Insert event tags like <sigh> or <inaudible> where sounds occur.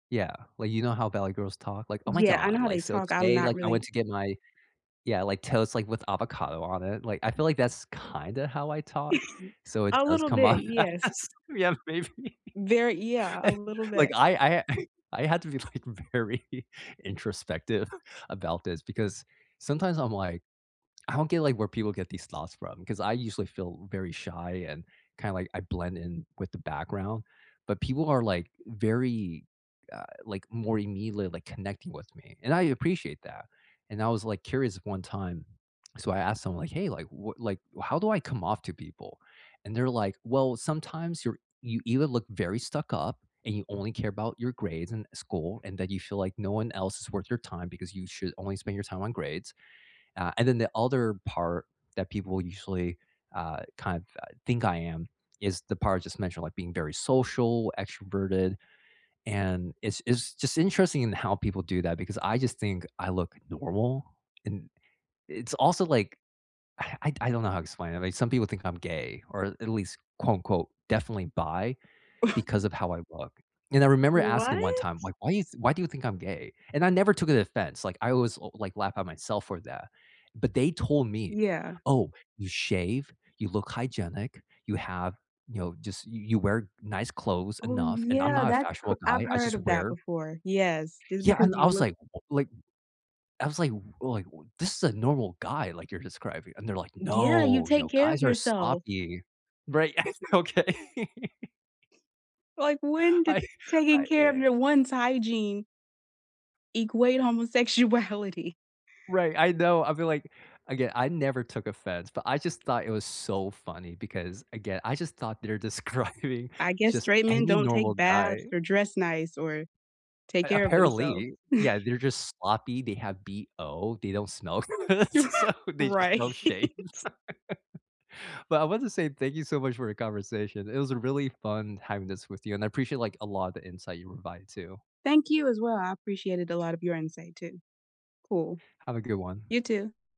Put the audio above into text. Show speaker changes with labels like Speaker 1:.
Speaker 1: Yeah, like, you know how valley girls talk? Like, "Oh my
Speaker 2: Yeah, I know
Speaker 1: god,
Speaker 2: how they
Speaker 1: like, so
Speaker 2: talk, I'm
Speaker 1: today,
Speaker 2: not
Speaker 1: like, I went
Speaker 2: really
Speaker 1: to get my" yeah, "Like, toast, like, with avocado on it." Like, I feel like that's, kinda how I talk?
Speaker 2: <chuckles>
Speaker 1: So, it
Speaker 2: A
Speaker 1: does
Speaker 2: little
Speaker 1: come
Speaker 2: bit,
Speaker 1: up.
Speaker 2: yes.
Speaker 1: <laughs> Yeah, maybe.
Speaker 2: Very yeah, a
Speaker 1: <chuckles>
Speaker 2: little
Speaker 1: Like,
Speaker 2: bit.
Speaker 1: I I ha <chuckles> I had to be, like, very introspective <chuckles> about this because, sometimes, I'm like I don't get, like, where people get these thoughts from, 'cause I usually feel very shy and, kinda, like I blend in with the background, but people are, like, very, uh, like, more immediately, like, connecting with me, and I appreciate that, and, I was, like, curious one time, so I asked someone like, "Hey," like, "what like, how do I come off to people?" and, they're like, "Well, sometimes you're you either look very stuck up and you only care about your grades and school, and that you feel like no one else is worth your time, because you should only spend your time on grades." Uh, and then the other part that people usually, uh, kind of, uh, think I am, is the part I just mentioned, like, being very social, extroverted, and, it's it's just interesting in how people do that, because I just think I look normal, and it's also, like, <sighs> I I don't know how to explain it, like, some people think I'm gay or, at least, quote unquote, "definitely bi", because
Speaker 2: <chuckles>
Speaker 1: of how I look, and, I remember asking
Speaker 2: What?
Speaker 1: one time, "Like, why is why do why do you think I'm gay?" And I never took it offense, like, I always l like, laugh at myself for that. But, they told me,
Speaker 2: Yeah.
Speaker 1: "Oh, you shave, you look hygienic, you have" you know, just "You you wear nice clothes
Speaker 2: Oh,
Speaker 1: enough," and I'm
Speaker 2: yeah,
Speaker 1: not a
Speaker 2: that c
Speaker 1: fashionable guy,
Speaker 2: I've
Speaker 1: I
Speaker 2: heard
Speaker 1: just
Speaker 2: of that
Speaker 1: wear
Speaker 2: before, yes, just
Speaker 1: Yeah,
Speaker 2: because
Speaker 1: and I
Speaker 2: you
Speaker 1: was
Speaker 2: look
Speaker 1: like like I was like or, like, "This is a normal guy," like, "you're describing," and, they're like,
Speaker 2: D yeah, you
Speaker 1: "No," you
Speaker 2: take
Speaker 1: know,
Speaker 2: care of
Speaker 1: "guys are
Speaker 2: yourself.
Speaker 1: sloppy." Right, <laughs> "Okay?" <laughs>
Speaker 2: Like, when did
Speaker 1: I I
Speaker 2: taking care of
Speaker 1: yeah.
Speaker 2: your one's hygiene equate homosexuality?
Speaker 1: Right, I know, I feel like again, I never took offense, but I just thought it was so funny because, again, I just thought they're describing
Speaker 2: I guess
Speaker 1: just
Speaker 2: straight men
Speaker 1: any
Speaker 2: don't take
Speaker 1: normal
Speaker 2: baths,
Speaker 1: guy.
Speaker 2: or dress nice, or take
Speaker 1: A
Speaker 2: care of themselves.
Speaker 1: apparently, yeah,
Speaker 2: <chuckles>
Speaker 1: they're just sloppy, they have BO, they don't smell good,
Speaker 2: <laughs>
Speaker 1: so they just,
Speaker 2: Right?
Speaker 1: don't shave. <laughs> But, I want to say thank you so much for our conversation, it was really fun having this with you, and I appreciate, like, a lot of the insight you provide, too.
Speaker 2: Thank you, as well, I appreciated a lot of your insight, too. Cool.
Speaker 1: Have a good one.
Speaker 2: You too.